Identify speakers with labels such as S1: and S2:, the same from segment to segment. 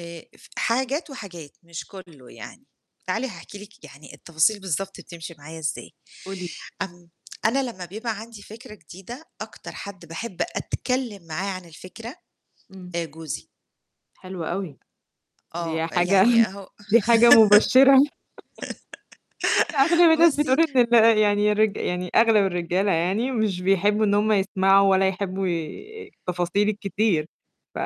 S1: آآ ف حاجات وحاجات، مش كلّه يعني، تعالي هاحكي لِك يعني التفاصيل بالضبط بتمشي معايا إزاي،
S2: قولي لي.
S1: امم، أنا لمّا بيبقى عندي فكرة جديدة أكتر حد باحب أتكلّم معاه عن الفكرة،
S2: إمم.
S1: آآ جوزي.
S2: حلو أوي.
S1: آه،
S2: دي حاجة
S1: يعني هو
S2: دي حاجة مبشِّرة. أغلب الناس
S1: بُصّي
S2: بتقول إن ال يعني الرج يعني أغلب الرجالة يعني مش بيحبوا إن هُم يسمعوا ولا يحبوا ي التفاصيل الكتير، ف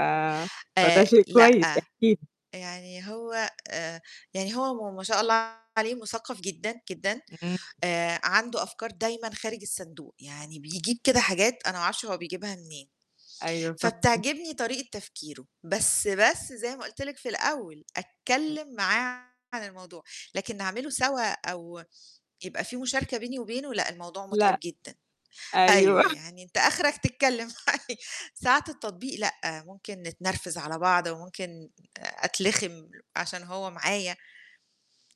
S2: فده
S1: آآ
S2: شيء كويس،
S1: لأ،
S2: احكي لي.
S1: يعني هو آآ يعني هو م ما شاء الله عليه مثقف جدًا، جدًا،
S2: إمم.
S1: آآ عنده أفكار دايمًا خارج الصندوق، يعني بيجيب كده حاجات أنا ما أعرفش هو بيجيبها منين،
S2: أيوه فاهماكِ.
S1: فبتعجبني طريقة تفكيره. بس بس زي ما قُلت لِك في الأول،
S2: إمم.
S1: أتكلّم معاه عن الموضوع، لكن نعمله سوا أو يبقى في مشاركة بيني وبينه لأ الموضوع متعب
S2: لأ.
S1: جدًا،
S2: أيوه.
S1: أيوه، يعني أنت أخرك تتكلّم معايا، ساعة التطبيق لأ، ممكن نتنرفز على بعض وممكن آآ أتلخِم عشان هو
S2: إمم.
S1: معايا.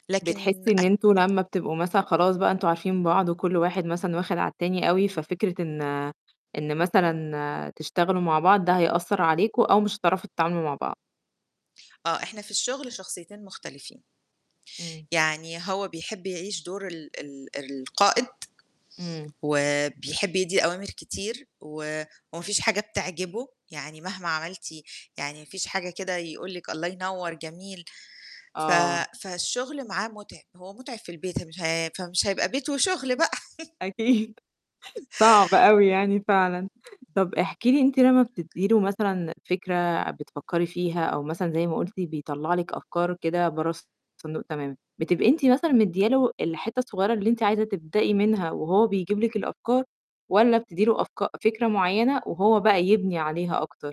S1: لكن
S2: بتحسّي إن
S1: أتك
S2: أنتم لمّا بتبقوا مثلًا خلاص بقى أنتم عارفين بعض وكلّ واحد مثلًا واخد على التاني أوي ففكرة إن إن مثلًا تشتغلوا مع بعض ده هيأثّر عليكم أو مش هتعرفوا تتعاملوا مع بعض.
S1: آه، إحنا في الشغل شخصيتين مختلفين.
S2: إمم.
S1: يعني هو بيحب يعيش دور ال ال القائد،
S2: إمم.
S1: وبيحب يدّي أوامر كتير و وما فيش حاجة بتعجبه، يعني مهما عملتِ يعني ما فيش حاجة كده يقول لِك الله ينوّر، جميل. ف
S2: آه.
S1: فالشغل معاه متعب، هو متعب في البيت مش ه فمش هيبقى بيت وشغل بقى.
S2: أكيد، صعب أوي يعني فعلًا، طب احكي لي أنتِ لمّا بتدّي له مثلًا فكرة بتفكّري فيها، أو مثلًا زي ما قُلتي بيطلّع لِك أفكار كده برّه الصندوق تمامًا، بتبقى أنتِ مثلًا مدّيا له الحتّة الصغيّرة اللي أنتِ عايزة تبدأي منها وهو بيجيب لِك الأفكار، والّا بتدّي له أفك فكرة معيّنة وهو بقى يبني عليها أكتر؟